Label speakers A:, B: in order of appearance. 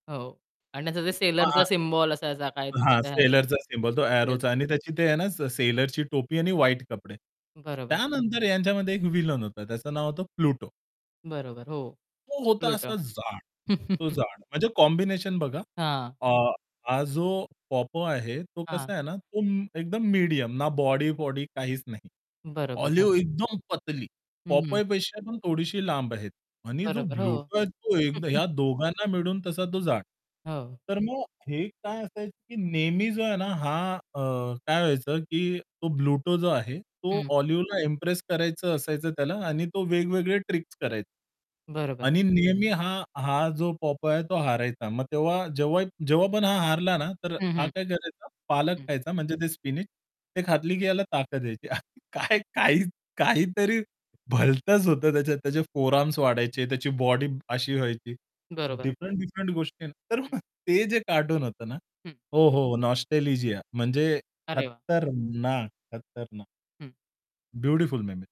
A: हो. आणि त्याचं ते सेलरचा
B: हां.
A: सिम्बॉल असायचा काहीतरी
B: हां, सेलरचा सिम्बॉल. तो
A: [unintelligible] येस.
B: अ‍ॅरोचा आणि त्याची ते आहे ना से सेलरची टोपी आणि व्हाईट कपडे.
A: बरोबर.
B: त्यानंतर ह्यांच्यामध्ये एक विलन होता, त्याचं नाव होतं प्लुटो.
A: बरोबर. हो,
B: तो होता
A: प्लुटो.
B: असा जाड. तो जाड म्हणजे कॉम्बिनेशन बघा.
A: हां.
B: अ, हा जो पॉपय आहे, तो
A: हां.
B: कसा आहे ना म तो एकदम मीडियम. ना बॉडी-वॉडी काहीच नाही.
A: बरोबर. हं.
B: ऑलिव्ह एकदम पतली
A: हं.
B: पॉपयपेक्षा पण थोडीशी लांब आहे. आणि जो
A: बरोबर. हो.
B: ब्लूटो तो एक या दोघांना मिळून तसा तो जाड.
A: हो.
B: तर मग हे काय असायचे, की नेहमी जो आहे ना हा, अ, काय व्हायचं, की तो ब्लूटो जो आहे, तो
A: हं.
B: ऑलिव्हला इम्प्रेस करायचं असायचं त्याला आणि तो वेगवेगळे ट्रिक्स कराय
A: बरोबर.
B: आणि नेहमी हा हा जो पॉपय आहे तो हारायचा. मग तेव्हा जेव्हा जेव्हा पण हा, हारला ना तर
A: हं,
B: हा
A: हं.
B: काय करायचा पालक
A: हं.
B: खायचा म्हणजे ते स्पिनच ते खाल्ली, की याला ताकद यायची. काय काही काहीतरी भलतंच होतं त्याच्यात. त्याचे फोर आर्म्स वाढायचे, त्याची बॉडी अशी व्हायची.
A: बरोबर.
B: डिफरंट-डिफरंट गोष्टी तर
A: हं.
B: मग ते जे कार्टून होतं ना
A: हं.
B: हो, हो नॉस्टॅलिजिया म्हणजे
A: अरे वाह!
B: खत्तरनाक, खतरनाक.
A: हं.
B: Beautiful ma'am